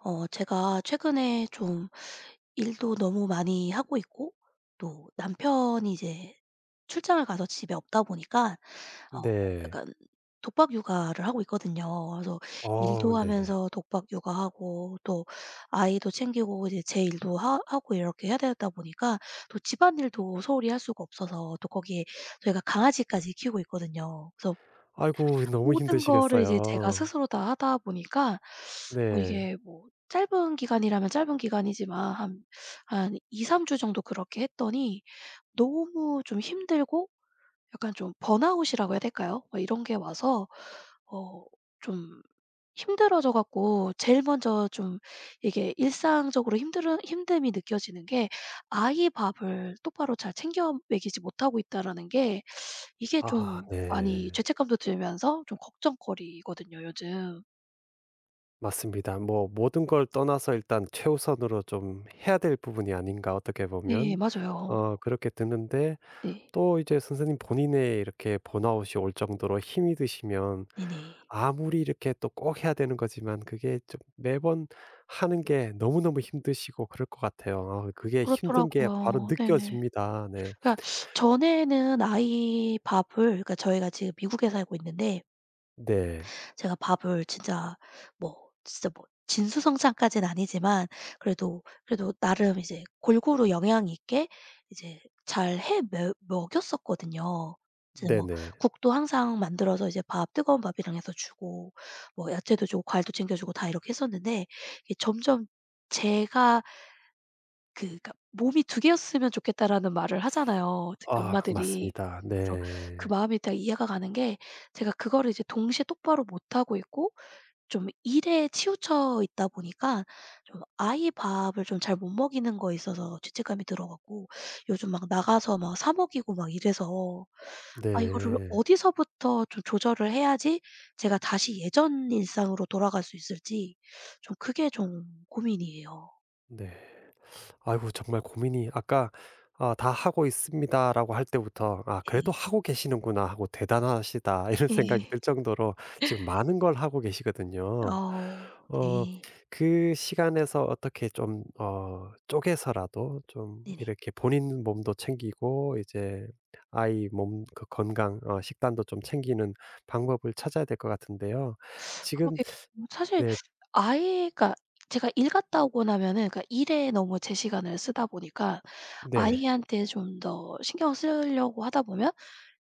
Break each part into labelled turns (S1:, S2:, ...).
S1: 어 제가 최근에 좀 일도 너무 많이 하고 있고, 또 남편이 이제 출장을 가서 집에 없다 보니까 어
S2: 네.
S1: 약간 독박 육아를 하고 있거든요. 그래서
S2: 어
S1: 일도
S2: 네네.
S1: 하면서 독박 육아 하고 또 아이도 챙기고 이제 제 일도 하 하고 이렇게 해야 되다 보니까 또 집안일도 소홀히 할 수가 없어서 또 거기에 저희가 강아지까지 키우고 있거든요. 그래서
S2: 아이고 너무
S1: 모든 거를 이제 제가
S2: 힘드시겠어요.
S1: 스스로 다 하다 보니까
S2: 네.
S1: 이게 뭐 짧은 기간이라면 짧은 기간이지만 한 한 2-3 주 정도 그렇게 했더니 너무 좀 힘들고 약간 좀 번아웃이라고 해야 될까요? 이런 게 와서 어 좀 힘들어져 갖고 제일 먼저 좀 이게 일상적으로 힘들으 힘듦이 느껴지는 게 '아이 밥을 똑바로 잘 챙겨 먹이지 못하고 있다.'라는 게 이게 좀
S2: 아아
S1: 많이
S2: 네.
S1: 죄책감도 들면서 좀 걱정거리거든요. 요즘.
S2: 맞습니다. 뭐 '모든 걸 떠나서 일단 최우선으로 좀 해야 될 부분이 아닌가, 어떻게
S1: 네,
S2: 보면.'
S1: 맞아요.
S2: 어 그렇게 드는데
S1: 네.
S2: 또 이제 선생님 본인의 이렇게 번아웃이 올 정도로 힘이 드시면
S1: 네네.
S2: 아무리 이렇게 또 꼭 해야 되는 거지만 그게 좀 매번 하는 게 너무너무 힘드시고 그럴 것 같아요. 그게 힘든 게
S1: 그렇더라고요.
S2: 바로
S1: 네.
S2: 느껴집니다. 네.
S1: 그러니까 전에는 아이 밥을 그러니까 저희가 지금 미국에 살고 있는데
S2: 네.
S1: 제가 밥을 진짜 뭐 진짜 뭐 진수성찬까지는 아니지만, 그래도, 그래도 나름 이제 골고루 영양 있게 이제 잘해 뭬억 먹였었거든요. 이제 뭐
S2: 네네.
S1: 국도 항상 만들어서 이제 밥 뜨거운 밥이랑 해서 주고 뭐 야채도 주고 과일도 챙겨주고 다 이렇게 했었는데 이 점점 제가 그니까 "몸이 2 개였으면 좋겠다."라는 말을 하잖아요. 특히
S2: 아,
S1: 엄마들이.
S2: 맞습니다.
S1: 그래서 그
S2: 네.
S1: 마음이 다 이해가 가는 게, 제가 그거를 이제 동시에 똑바로 못하고 있고 좀 일에 치우쳐 있다 보니까 좀 아이 밥을 좀 잘 못 먹이는 거에 있어서 죄책감이 들어 갖고 요즘 막 나가서 막 사 먹이고 막 이래서 아, 이거를
S2: 네.
S1: 어디서부터 좀 조절을 해야지 제가 다시 예전 일상으로 돌아갈 수 있을지 좀 그게 좀 고민이에요.
S2: 네. 아이고 정말 고민이 아까 "아 다 하고 있습니다."라고 할 때부터 '아
S1: 네.
S2: 그래도 하고 계시는구나.' 하고 '대단하시다.' 이런 생각이
S1: 예.
S2: 들 정도로 지금 많은 걸 하고 계시거든요.
S1: 어
S2: 어
S1: 네.
S2: 그 시간에서 어떻게 좀 어 쪼개서라도 좀
S1: 네네.
S2: 이렇게 본인 몸도 챙기고 이제 아이 몸 거 건강 식단도 좀 챙기는 방법을 찾아야 될 것 같은데요. 지금
S1: 그러게 음 사실
S2: 네.
S1: 아이 그러니까 제가 일 갔다 오고 나면은 그러니까 일에 너무 제 시간을 쓰다 보니까
S2: 네.
S1: 아이한테 좀 더 신경을 쓰려고 하다 보면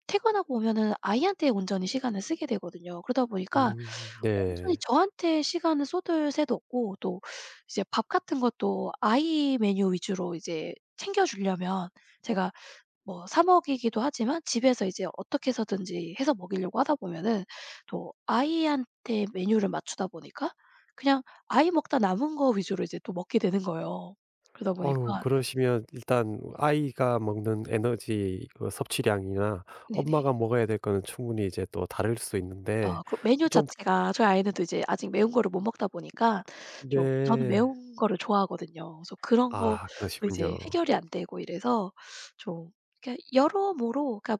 S1: 퇴근하고 오면은 아이한테 온전히 시간을 쓰게 되거든요. 그러다 보니까
S2: 음
S1: 엄청
S2: 네.
S1: 저한테 시간을 쏟을 새도 없고 또 이제 밥 같은 것도 아이 메뉴 위주로 이제 챙겨주려면 제가 뭐 사 먹이기도 하지만 집에서 이제 어떻게 해서든지 해서 먹이려고 하다 보면은 또 아이한테 메뉴를 맞추다 보니까 그냥 아이 먹다 남은 거 위주로 이제 또 먹게 되는 거예요. 그러다 보니까
S2: 어우 그러시면 일단 아이가 먹는 에너지 어 섭취량이나
S1: 네네.
S2: 엄마가 먹어야 될 거는 충분히 이제 또 다를 수
S1: 어,
S2: 있는데
S1: 그러고 메뉴
S2: 좀
S1: 자체가 저희 아이는 또 이제 아직 매운 거를 못 먹다 보니까 좀 저는
S2: 네.
S1: 매운 거를 좋아하거든요. 그래서 그런 것도
S2: 아,
S1: 이제
S2: 그러시군요.
S1: 해결이 안 되고 이래서 좀 그러니까 여러모로 그러니까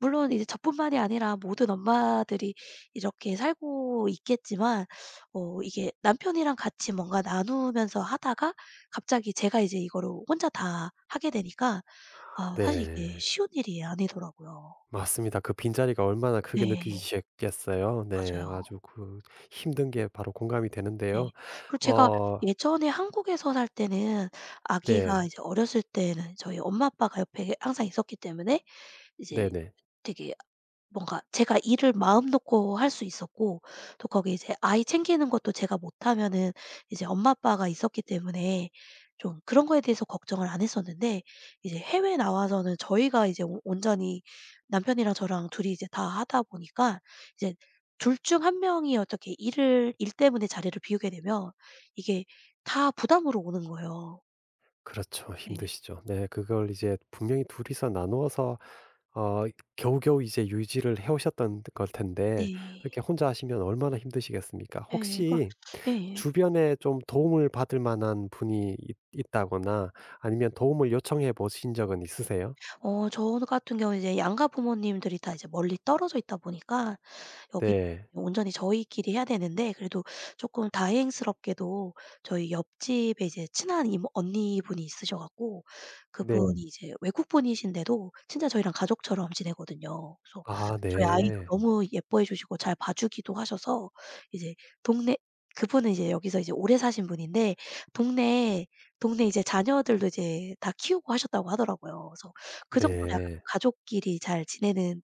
S1: 물론 이제 저뿐만이 아니라 모든 엄마들이 이렇게 살고 있겠지만 어 이게 남편이랑 같이 뭔가 나누면서 하다가 갑자기 제가 이제 이거를 혼자 다 하게 되니까
S2: 아
S1: 아 사실 이게
S2: 네.
S1: 쉬운 일이 아니더라고요.
S2: 맞습니다 그 빈자리가 얼마나 크게
S1: 네.
S2: 느껴지셨겠어요. 네.
S1: 맞아요.
S2: 아주 그 힘든 게 바로 공감이
S1: 네.
S2: 되는데요.
S1: 그리고 제가
S2: 어
S1: 예전에 한국에서 살 때는 아기가
S2: 네.
S1: 이제 어렸을 때는 저희 엄마, 아빠가 옆에 항상 있었기 때문에 이제
S2: 네네.
S1: 되게 뭔가 제가 일을 마음 놓고 할 수 있었고 또 거기 이제 아이 챙기는 것도 제가 못하면은 이제 엄마, 아빠가 있었기 때문에 좀 그런 거에 대해서 걱정을 안 했었는데 이제 해외에 나와서는 저희가 이제 오 온전히 남편이랑 저랑 둘이 이제 다 하다 보니까 이제 둘 중 1 명이 어떻게 일을 일 때문에 자리를 비우게 되면 이게 다 부담으로 오는 거예요.
S2: 그렇죠.
S1: 네.
S2: 힘드시죠. 네. 그걸 이제 분명히 둘이서 나누어서 어 겨우겨우 이제 유지를 해 오셨던 걸 텐데
S1: 네.
S2: 그렇게 혼자 하시면 얼마나 힘드시겠습니까?
S1: 예 그렇
S2: 혹시
S1: 예.
S2: 주변에 좀 도움을 받을 만한 분이 있 있다거나 아니면 도움을 요청해 보신 적은 있으세요?
S1: 어 저 같은 경우는 이제 양가 부모님들이 다 이제 멀리 떨어져 있다 보니까 여기
S2: 네.
S1: 온전히 저희끼리 해야 되는데 그래도 쪼끔 다행스럽게도 저희 옆집에 이제 친한 이모 언니분이 있으셔 갖고
S2: 네.
S1: 그분이 이제 외국분이신데도 진짜 저희랑 가족처럼 지내거든요. 그래서
S2: 아
S1: 저희 아이도
S2: 네.
S1: 너무 예뻐해 주시고 잘 봐주기도 하셔서 이제 동네 그분은 이제 여기서 오래 사신 분인데 동네 동네 이제 자녀들도 이제 다 키우고 하셨다고 하더라고요. 그래서 그 정도로 약간
S2: 네.
S1: 좀 가족끼리 잘 지내는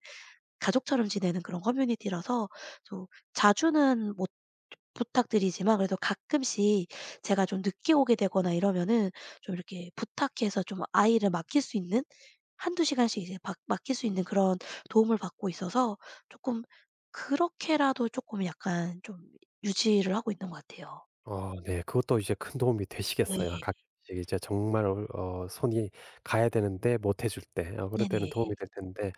S1: 가족처럼 지내는 그런 커뮤니티라서 좀 자주는 못 즈 부탁드리지만 그래도 가끔씩 제가 좀 늦게 오게 되거나 이러면은 좀 이렇게 부탁해서 좀 아이를 맡길 수 있는 1-2 시간씩 이제 맡 맡길 수 있는 그런 도움을 받고 있어서 쪼끔 그렇게라도 쪼끔 약간 좀 유지를 하고 있는 것 같아요.
S2: 어 네. 그것도 이제 큰 도움이 되시겠어요.
S1: 예예.
S2: 같이 이게 제 정말 얼 어 손이 가야 되는데 못 해 줄 때 어 그럴
S1: 네,
S2: 때는
S1: 네.
S2: 도움이 될 텐데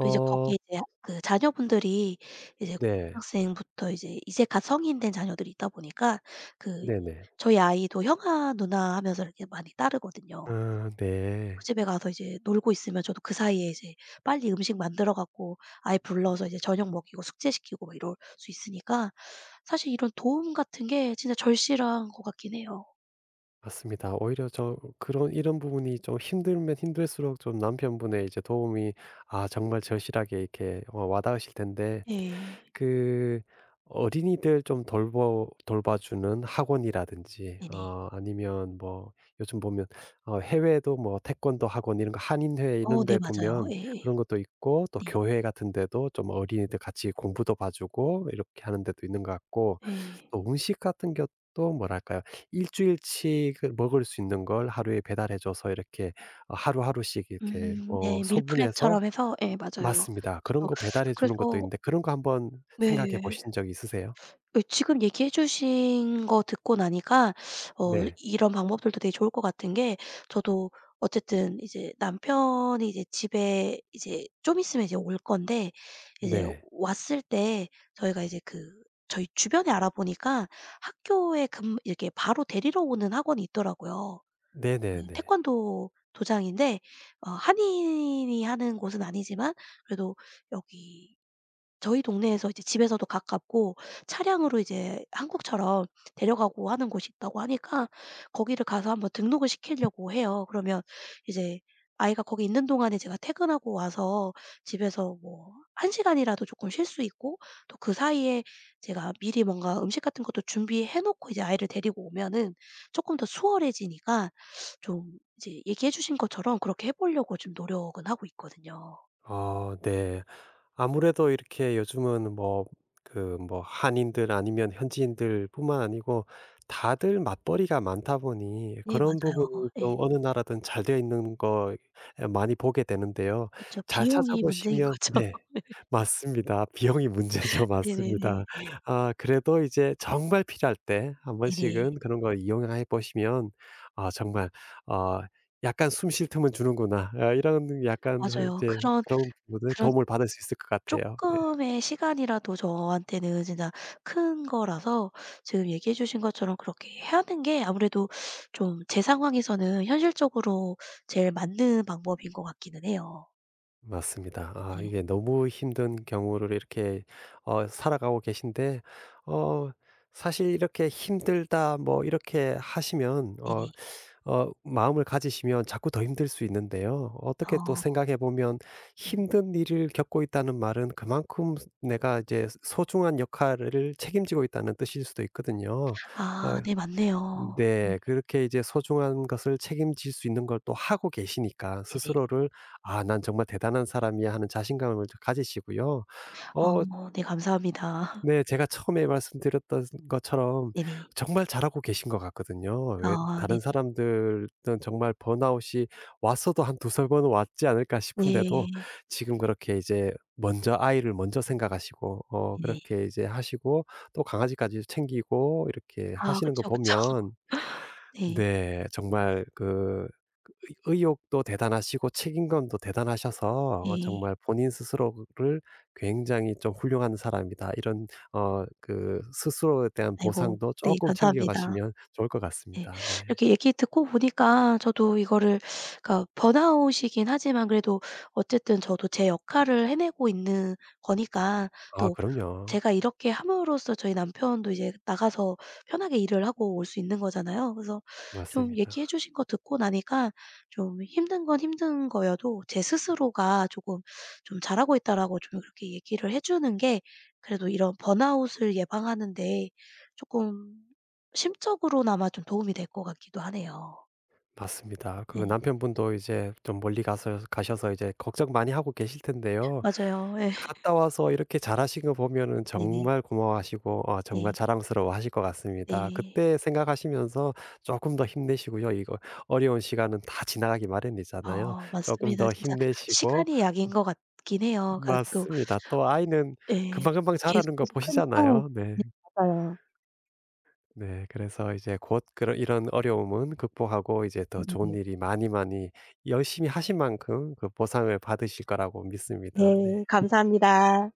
S1: 또 이제 거기에 대학 그 자녀분들이 이제
S2: 네.
S1: 고등학생부터 이제 이제 갓 성인 된 자녀들이 있다 보니까 그
S2: 네네.
S1: 저희 아이도 "형아, 누나!" 하면서 이렇게 많이 따르거든요. 그래서
S2: 아
S1: 그
S2: 네.
S1: 집에 가서 이제 놀고 있으면 저도 그 사이에 이제 빨리 음식 만들어 갖고 아이 불러서 이제 저녁 먹이고 숙제시키고 이럴 수 있으니까 사실 이런 도움 같은 게 진짜 절실한 것 같긴 해요.
S2: 맞습니다. 오히려 좀 그런 이런 부분이 좀 힘들면 힘들수록 좀 남편분의 이제 도움이 아, 정말 절실하게 이렇게 와 와닿으실 텐데
S1: 예.
S2: 그 어린이들 좀 돌보 돌봐주는 학원이라든지
S1: 네네.
S2: 어 아니면 뭐 요즘 보면 어 해외에도 뭐 태권도 학원 이런 거 한인회 이런
S1: 어 네
S2: 데
S1: 맞아요.
S2: 보면
S1: 예예.
S2: 그런 것도 있고 또
S1: 네.
S2: 교회 같은데도 좀 어린이들 같이 공부도 봐주고 이렇게 하는 데도 있는 것 같고
S1: 예.
S2: 또 음식 같은 것도 뭐랄까요? 1 주일 치 그 먹을 수 있는 걸 하루에 배달해 줘서 이렇게 어 하루하루씩 이렇게
S1: 음
S2: 어
S1: 네.
S2: 소분해서
S1: 밀프렙처럼 해서 예 맞아요.
S2: 맞습니다. 그런
S1: 저도
S2: 거 배달해 주는 것도
S1: 그래서
S2: 있는데 그런 거 한번 생각해
S1: 네.
S2: 보신 적 있으세요?
S1: 그 지금 얘기해 주신 거 듣고 나니까 어
S2: 네.
S1: 이런 방법들도 되게 좋을 것 같은 게 저도 어쨌든 이제 남편이 이제 집에 이제 좀 있으면 이제 올 건데 이제
S2: 네.
S1: 왔을 때 저희가 이제 그 저희 주변에 알아보니까 학교에 근무 이렇게 바로 데리러 오는 학원이 있더라고요. 음
S2: 네네네.
S1: 태권도 도장인데 어 한인이 하는 곳은 아니지만 그래도 여기 저희 동네에서 이제 집에서도 가깝고 차량으로 이제 한국처럼 데려가고 하는 곳이 있다고 하니까 거기를 가서 한번 등록을 시킬려고 해요. 그러면 이제 아이가 거기 있는 동안에 제가 퇴근하고 와서 집에서 뭐 1 시간이라도 쪼끔 쉴 수 있고 또 그사이에 제가 미리 뭔가 음식 같은 것도 준비해 놓고 이제 아이를 데리고 오면은 쪼끔 더 수월해지니까 좀 이제 얘기해 주신 것처럼 그렇게 해볼려고 지금 노력은 하고 있거든요.
S2: 아 네. 아무래도 이렇게 요즘은 뭐 그 뭐 한인들 아니면 현지인들뿐만 아니고 다들 맞벌이가 많다 보니
S1: 예
S2: 그런
S1: 맞아요.
S2: 부분이
S1: 예.
S2: 좀 어느 나라든 잘 되어 있는 거 많이 보게 되는데요.
S1: 그쵸.
S2: 잘
S1: 비용이 문제인
S2: 찾아보시면
S1: 거죠.
S2: 네.
S1: 네.
S2: 맞습니다. 비용이 문제죠.
S1: 네네네.
S2: 맞습니다. 아, 그래도 이제 정말 필요할 때 1
S1: 네네.
S2: 번씩은 그런 걸 이용해 보시면 아, 정말 어 약간 '숨 쉴 틈은 주는구나.' 어 이런 약간
S1: 맞아요.
S2: 이제
S1: 그런
S2: 그런 뭐지
S1: 그런
S2: 도움을 받을 수 있을 것 같아요. 네.
S1: 쪼끔의 시간이라도 저한테는 진짜 큰 거라서 지금 얘기해 주신 것처럼 그렇게 하는 게 아무래도 좀 제 상황에서는 현실적으로 제일 맞는 방법인 것 같기는 해요.
S2: 맞습니다. 아,
S1: 네.
S2: 이게 너무 힘든 경우를 이렇게 어 살아가고 계신데 어 사실 이렇게 힘들다. 뭐 이렇게 하시면 어
S1: 네네.
S2: 어 마음을 가지시면 자꾸 더 힘들 수 있는데요. 어떻게 또
S1: 아.
S2: 생각해 보면
S1: 네.
S2: 힘든 일을 겪고 있다는 말은 그만큼 내가 이제 소중한 역할을 책임지고 있다는 뜻일 수도 있거든요.
S1: 아,
S2: 아
S1: 네. 맞네요. 음
S2: 네.
S1: 네.
S2: 그렇게 이제 소중한 것을 책임질 수 있는 걸 또 하고 계시니까
S1: 네네.
S2: 스스로를 '아 난 정말 대단한 사람이야.' 하는 자신감을 좀 가지시고요. 어
S1: 아 네 감사합니다.
S2: 네 제가 처음에 말씀드렸던 것처럼
S1: 네네.
S2: 정말 잘하고 계신 것 같거든요. 왜
S1: 아
S2: 다른
S1: 네네.
S2: 사람들은 정말 번아웃이 왔어도 한 2-3 번은 왔지 않을까 싶은데도
S1: 네.
S2: 지금 그렇게 이제 먼저 아이를 먼저 생각하시고 어
S1: 네.
S2: 그렇게 이제 하시고 또 강아지까지 챙기고 이렇게
S1: 아
S2: 하시는 거
S1: 그쵸, 그쵸.
S2: 보면
S1: 네.
S2: 네. 정말 그 의 의욕도 대단하시고 책임감도 대단하셔서 어
S1: 네.
S2: 정말 본인 스스로를 굉장히 좀 훌륭한 사람이다. 이런 어 그 스스로에 대한
S1: 아이고
S2: 보상도
S1: 네
S2: 쪼끔
S1: 감사합니다.
S2: 챙겨가시면 좋을 것
S1: 네.
S2: 같습니다. 네.
S1: 이렇게 얘기 듣고 보니까 저도 이거를 그니까 번아웃이긴 하지만 그래도 어쨌든 저도 제 역할을 해내고 있는 거니까
S2: 아
S1: 또
S2: 그럼요.
S1: 제가 이렇게 함으로써 저희 남편도 이제 나가서 편하게 일을 하고 올 수 있는 거잖아요. 그래서 좀 얘기해
S2: 맞습니다.
S1: 주신 거 듣고 나니까 좀 힘든 건 힘든 거여도 제 스스로가 쪼금 좀 "잘하고 있다."라고 좀 그렇게 얘기를 해 주는 게 그래도 이런 번아웃을 예방하는 데 쪼끔 심적으로나마 좀 도움이 될 것 같기도 하네요.
S2: 맞습니다. 그
S1: 네.
S2: 남편분도 이제 좀 멀리 가서 가셔서 이제 걱정 많이 하고 계실 텐데요.
S1: 맞아요. 예.
S2: 갔다 와서 이렇게 잘하신 거 보면은
S1: 네네.
S2: 정말 고마워하시고 어 정말
S1: 네.
S2: 자랑스러워하실 것 같습니다.
S1: 네.
S2: 그때 생각하시면서 쪼끔 더 힘내시고요. 이거 어려운 시간은 다 지나가기 마련이잖아요.
S1: 아
S2: 쪼금
S1: 맞습니다.
S2: 더
S1: 진짜
S2: 힘내시고
S1: 시간이 약인 것 같긴 해요.
S2: 음
S1: 그니까 또
S2: 맞습니다. 또 아이는
S1: 예.
S2: 금방금방 자라는 거
S1: 계속해서 크니까
S2: 보시잖아요. 네.
S1: 네 맞아요.
S2: 네 그래서 이제 곧 그런 이런 어려움은 극복하고 이제 더 좋은
S1: 그러게
S2: 일이 많이 많이 열심히 하신 만큼 그 보상을 받으실 거라고 믿습니다. 네.
S1: 네 감사합니다.